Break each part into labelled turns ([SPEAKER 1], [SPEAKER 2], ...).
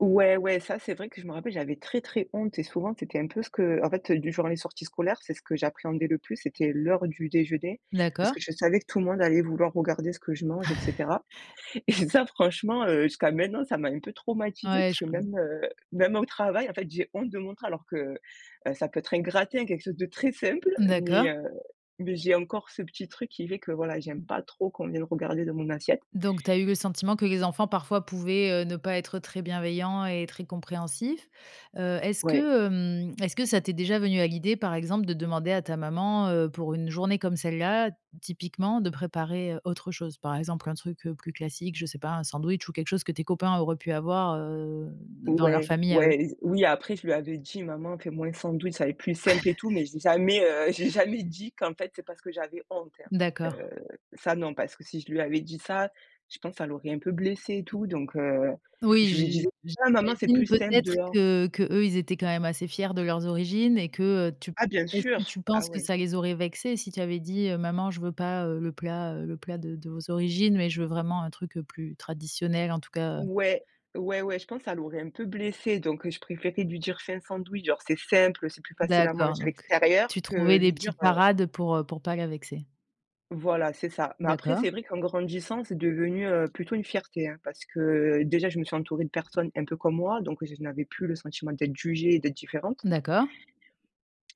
[SPEAKER 1] Ouais, ouais, ça, c'est vrai que je me rappelle, j'avais très, très honte et souvent c'était un peu ce que, en fait, heu, du genre, les sorties scolaires, c'est ce que j'appréhendais le plus, c'était l'heure du déjeuner, parce
[SPEAKER 2] D'accord.
[SPEAKER 1] que je savais que tout le monde allait vouloir regarder ce que je mange, et cetera et ça, franchement, heu, jusqu'à maintenant, ça m'a un peu traumatisée,
[SPEAKER 2] Ouais,
[SPEAKER 1] parce
[SPEAKER 2] je
[SPEAKER 1] que
[SPEAKER 2] q n
[SPEAKER 1] même, heu, même au travail en fait, j'ai honte de montrer, alors que, heu, ça peut être un gratin, quelque chose de très simple mais,
[SPEAKER 2] D'accord.
[SPEAKER 1] heu, mais j'ai encore ce petit truc qui fait que, voilà, j'aime
[SPEAKER 2] Mmh.
[SPEAKER 1] pas trop qu'on vienne regarder dans mon assiette.
[SPEAKER 2] Donc, tu as eu le sentiment que les enfants parfois pouvaient, heu, ne pas être très bienveillants et très compréhensifs, heu est-ce
[SPEAKER 1] Ouais.
[SPEAKER 2] que, hem, est-ce que ça t'est déjà venue à l'idée par exemple de demander à ta maman, heu, pour une journée comme celle-là, typiquement, de préparer, heu, autre chose? Par exemple un truc, heu, plus classique, je sais pas, un sandwich ou quelque chose que tes copains auraient pu avoir, heu, d dans leur
[SPEAKER 1] Ouais.
[SPEAKER 2] famille à eux?
[SPEAKER 1] Ouais. Z oui, après je lui avais dit: «Maman fait moins un sandwich, ça va être plus simple et tout». Mais j'ai jamais, heu, j'ai jamais dit, qu'en fait c'est parce que j'avais honte, hein,
[SPEAKER 2] D'accord.
[SPEAKER 1] heu, ça non, parce que si je lui avais dit ça, je pense ça l'aurait un peu blessée et
[SPEAKER 2] Mmh.
[SPEAKER 1] tout. Donc, heu,
[SPEAKER 2] Oui,
[SPEAKER 1] je lui
[SPEAKER 2] j
[SPEAKER 1] disais: «Ah maman, c'est plus
[SPEAKER 2] j'imagine
[SPEAKER 1] simple
[SPEAKER 2] peut-être
[SPEAKER 1] dehors».
[SPEAKER 2] que qu'eux, ils étaient quand même assez fiers de leurs origines et que, heu, tu p
[SPEAKER 1] Ah bien
[SPEAKER 2] est-ce que
[SPEAKER 1] sûr!
[SPEAKER 2] tu
[SPEAKER 1] Ah
[SPEAKER 2] penses que
[SPEAKER 1] ouais.
[SPEAKER 2] ça les aurait vexés si tu avais dit, heu: «Maman je veux pas, heu, le plat, heu le plat de de vos origines mais je veux vraiment un truc, heu, plus traditionnel en tout cas, heu»?
[SPEAKER 1] Ouais. Ouais, ouais. Je pense ça l'aurait un peu blessée. Donc, heu, je préférais lui dire: «Fais un sandwich, genre c'est simple, c'est plus facile à
[SPEAKER 2] D'accord,
[SPEAKER 1] manger à
[SPEAKER 2] donc
[SPEAKER 1] l'extérieur»,
[SPEAKER 2] tu
[SPEAKER 1] que
[SPEAKER 2] trouvais des
[SPEAKER 1] lui dire,
[SPEAKER 2] petites
[SPEAKER 1] heu
[SPEAKER 2] parades, heu, pour, heu, pour pas la vexer.
[SPEAKER 1] Voilà, c'est ça. Mais après,
[SPEAKER 2] D'accord.
[SPEAKER 1] c'est vrai qu'en grandissant, c'est devenu, heu, plutôt une fierté, hein. Parce que, déjà, je me suis entourée de personnes un peu comme moi, donc j je n'avais plus le sentiment d'être jugée et d'être différente.
[SPEAKER 2] D'accord.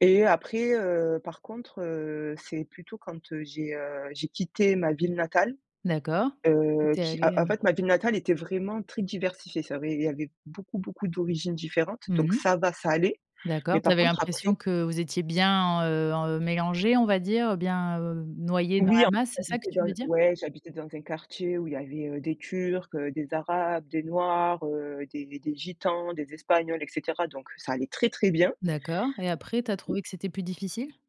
[SPEAKER 1] Et après, heu, par contre, heu, c'est plutôt quand, heu, j'ai, heu, j'ai quitté ma ville natale,
[SPEAKER 2] D'accord. Tu
[SPEAKER 1] heu,
[SPEAKER 2] étais
[SPEAKER 1] qui, en
[SPEAKER 2] allée, heu
[SPEAKER 1] en fait ma ville natale était vraiment très diversifiée. Ça avait il y avait beaucoup, beaucoup d'origines différentes, donc
[SPEAKER 2] Mmh mh.
[SPEAKER 1] ça va, ça allait. Mais
[SPEAKER 2] D'accord. Tu
[SPEAKER 1] par
[SPEAKER 2] avais
[SPEAKER 1] contre
[SPEAKER 2] l'impression
[SPEAKER 1] après
[SPEAKER 2] que vous étiez bien en, heu, en, heu, mélangés on va dire, bien, heu, noyés dans
[SPEAKER 1] Oui,
[SPEAKER 2] la
[SPEAKER 1] en
[SPEAKER 2] masse? C'est ça que
[SPEAKER 1] j'habitais
[SPEAKER 2] tu
[SPEAKER 1] dans
[SPEAKER 2] veux
[SPEAKER 1] le
[SPEAKER 2] dire?
[SPEAKER 1] ouais, j'habitais dans un quartier où il y avait, heu, des turcs, heu, des arabes, des noirs, heu, des des gitans, des espagnols, et cetera. Donc, ça allait très, très bien.
[SPEAKER 2] D'accord et après tu as
[SPEAKER 1] [unintelligible]
[SPEAKER 2] trouvé que c'était plus difficile?